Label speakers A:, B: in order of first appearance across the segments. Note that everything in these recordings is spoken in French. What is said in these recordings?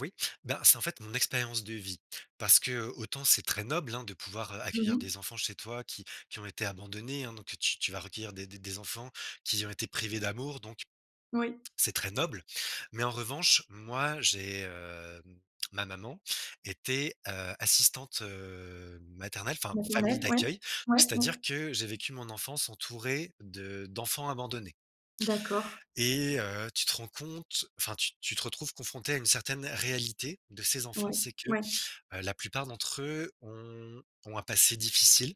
A: Oui, bah, c'est, en fait, mon expérience de vie parce que, heu, autant c'est très noble, hein, de pouvoir
B: Mmh
A: accueillir
B: mh.
A: des enfants chez toi qui qui ont été abandonnés, hein donc tu tu vas recueillir des des enfants qui ont été privés d'amour donc
B: Oui.
A: c'est très noble. Mais en revanche, moi, j'ai, hem, ma maman était, heu, assistante, heu, maternelle, enfin, famille
B: Naturel, ouais.
A: d'accueil,
B: Ouais,
A: c'est-à-dire
B: ouais.
A: que j'ai vécu mon enfance entouré de d'enfants abandonnés
B: D'accord.
A: et heu, tu te rends compte, enfin, tu tu te retrouves confronté à une certaine réalité de ces enfants.
B: Ouais,
A: C'est que,
B: ouais.
A: heu, la plupart d'entre eux ont ont un passé difficile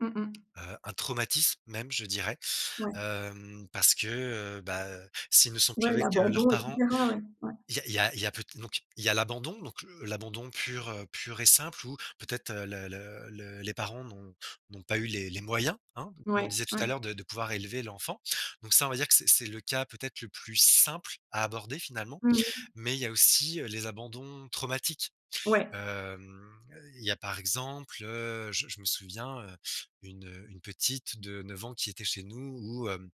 B: Mmh mh.
A: heu un traumatisme, même, je dirais,
B: Ouais.
A: hem, parce que, heu, bah, s'ils ne sont plus
B: Ouais,
A: avec, heu, leurs
B: l'abandon et
A: parents
B: cetera, ouais, ouais.
A: il y a il y a il y a peut donc il y a l'abandon, donc heu, l'abandon pur, heu, pur et simple où peut-être, heu, le le le les parents n'ont n'ont pas eu les les moyens, hein, comme on
B: Ouais,
A: disait tout à
B: ouais.
A: l'heure, de de pouvoir élever l'enfant. Donc ça, on va dire que c'est c'est le cas, peut-être, le plus simple à aborder, finalement.
B: Mmh mh.
A: Mais il y a aussi, heu, les abandons traumatiques.
B: Ouais.
A: Hem, il y a, par exemple, heu, je m je me souviens, heu, une, heu, une petite de 9 ans qui était chez nous où hem,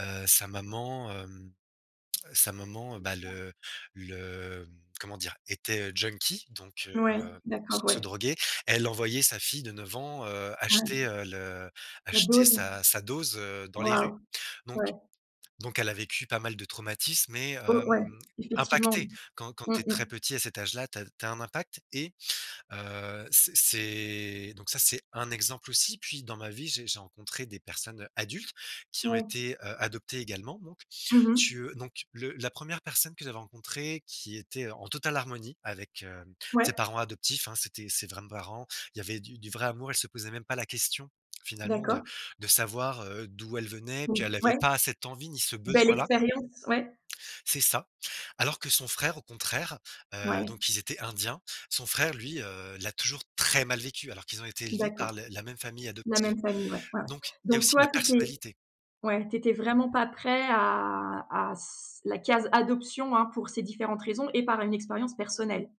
A: heu, sa maman, hem, sa maman, bah, le le, hem, comment dire, était, heu, junkie donc heu
B: Ouais,
A: heu, se
B: d'accord,
A: se
B: ouais.
A: droguait. Elle envoyait sa fille de 9 ans, heu,
B: Ouais.
A: acheter le
B: La
A: acheter
B: dose.
A: sa sa dose, heu, dans les rues.
B: Waouh,
A: Donc
B: ouais.
A: donc elle a vécu pas mal de traumatismes et heu,
B: Ou ouais,
A: hem,
B: effectivement.
A: impactée. Quand quand
B: Mmh.
A: tu es très
B: Mmh.
A: petit, à cet âge-là, tu as tu as un impact et heu, c'est c'est donc ça, c'est un exemple aussi. Puis, dans ma vie, j'ai j'ai rencontré des personnes adultes qui ont
B: Ouais.
A: été, heu, adoptées également donc
B: Mmh mh.
A: tu, heu donc le la 1re personne que j'avais rencontrée qui était, heu, en totale harmonie avec, heu, ses
B: Ouais.
A: parents adoptifs, hein. C'étaient ses vrais parents. Il y avait du du vrai amour. Elle se posait même pas la question finalement de
B: D'accord.
A: de savoir, heu, d'où elle venait, puis
B: Ou
A: elle avait
B: ouais.
A: pas cette envie, ni ce
B: Belle
A: besoin-là
B: expérience, ouais.
A: c'est ça. Alors que son frère, au contraire, heu
B: Ouais.
A: donc ils étaient indiens. Son frère, lui, heu, l'a toujours très mal vécu alors qu'ils ont été élevés
B: D'accord,
A: par le la même famille
B: la
A: adoptive.
B: même famille, ouais, ouais.
A: Donc il y a
B: Donc
A: aussi
B: toi,
A: la
B: tu étais
A: personnalité.
B: ouais. Tu étais vraiment pas prêt à à c à la case adoption, hein, pour ces différentes raisons et par une expérience personnelle?